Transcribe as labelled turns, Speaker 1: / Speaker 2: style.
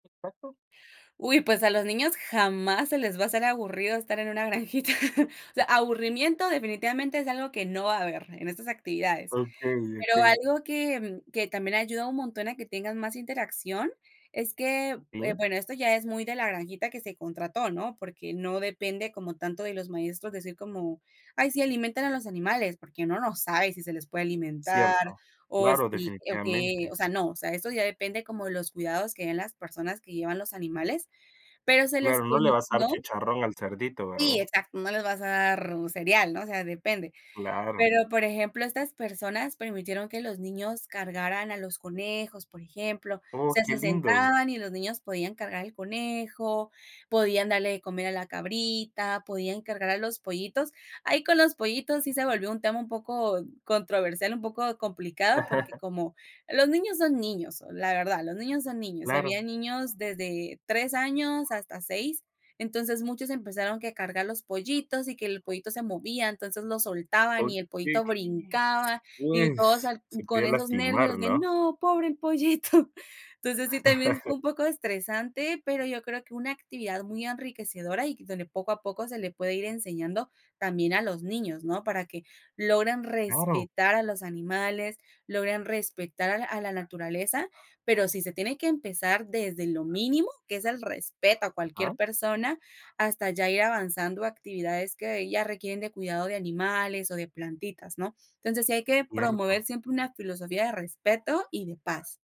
Speaker 1: ¿Qué pasó?
Speaker 2: Uy, pues a los niños jamás se les va a hacer aburrido estar en una granjita. O sea, aburrimiento definitivamente es algo que no va a haber en estas actividades.
Speaker 1: Okey,
Speaker 2: Pero
Speaker 1: okey.
Speaker 2: algo que que también ayuda un montón a que tengan más interacción es que, eh,
Speaker 1: ¿SÍ?
Speaker 2: bueno, esto ya es muy de la granjita que se contrató, ¿no? Porque no depende como tanto de los maestros decir como: "Ay, sí, alimenten a los animales", porque uno no sabe si se les puede alimentar
Speaker 1: Cierto.
Speaker 2: o
Speaker 1: Claro,
Speaker 2: si o qué,
Speaker 1: definitivamente.
Speaker 2: o sea, no, o sea, eso ya depende como de los cuidados que den las personas que llevan los animales, pero se les
Speaker 1: Claro, no le vas a dar
Speaker 2: permitió
Speaker 1: chicharrón al cerdito,
Speaker 2: Sí,
Speaker 1: ¿verdad?
Speaker 2: exacto, no les vas a dar un cereal, ¿no?, o sea, depende.
Speaker 1: Claro.
Speaker 2: Pero, por ejemplo, estas personas permitieron que los niños cargaran a los conejos, por ejemplo. O
Speaker 1: Oh,
Speaker 2: sea,
Speaker 1: qué
Speaker 2: se
Speaker 1: lindo.
Speaker 2: sentaban y los niños podían cargar el conejo, podían darle de comer a la cabrita, podían cargar a los pollitos. Ahí, con los pollitos, sí se volvió un tema un poco controversial, un poco complicado, porque, como los niños son niños, la verdad, los niños son niños, y
Speaker 1: Claro.
Speaker 2: habían niños desde 3 años hasta 6, entonces muchos empezaron que cargar a los pollitos y que el pollito se movía, entonces lo soltaban
Speaker 1: Okey.
Speaker 2: y el
Speaker 1: Sí.
Speaker 2: pollito brincaba, y todos
Speaker 1: Pues,
Speaker 2: al
Speaker 1: se
Speaker 2: con
Speaker 1: puede
Speaker 2: esos
Speaker 1: lastimar,
Speaker 2: nervios de:
Speaker 1: ¿no?
Speaker 2: "No, pobre el pollito". Entonces, sí, también fue un poco estresante, pero yo creo que una actividad muy enriquecedora y donde poco a poco se le puede ir enseñando también a los niños, ¿no? Para que logren
Speaker 1: Claro.
Speaker 2: respetar a los animales, logren respetar a a la naturaleza, pero sí se tiene que empezar desde lo mínimo, que es el respeto a
Speaker 1: Ajá.
Speaker 2: cualquier persona, hasta ya ir avanzando a actividades que ya requieren de cuidado de animales o de plantitas, ¿no? Entonces, sí hay que promover
Speaker 1: Cierto.
Speaker 2: siempre una filosofía de respeto y de paz.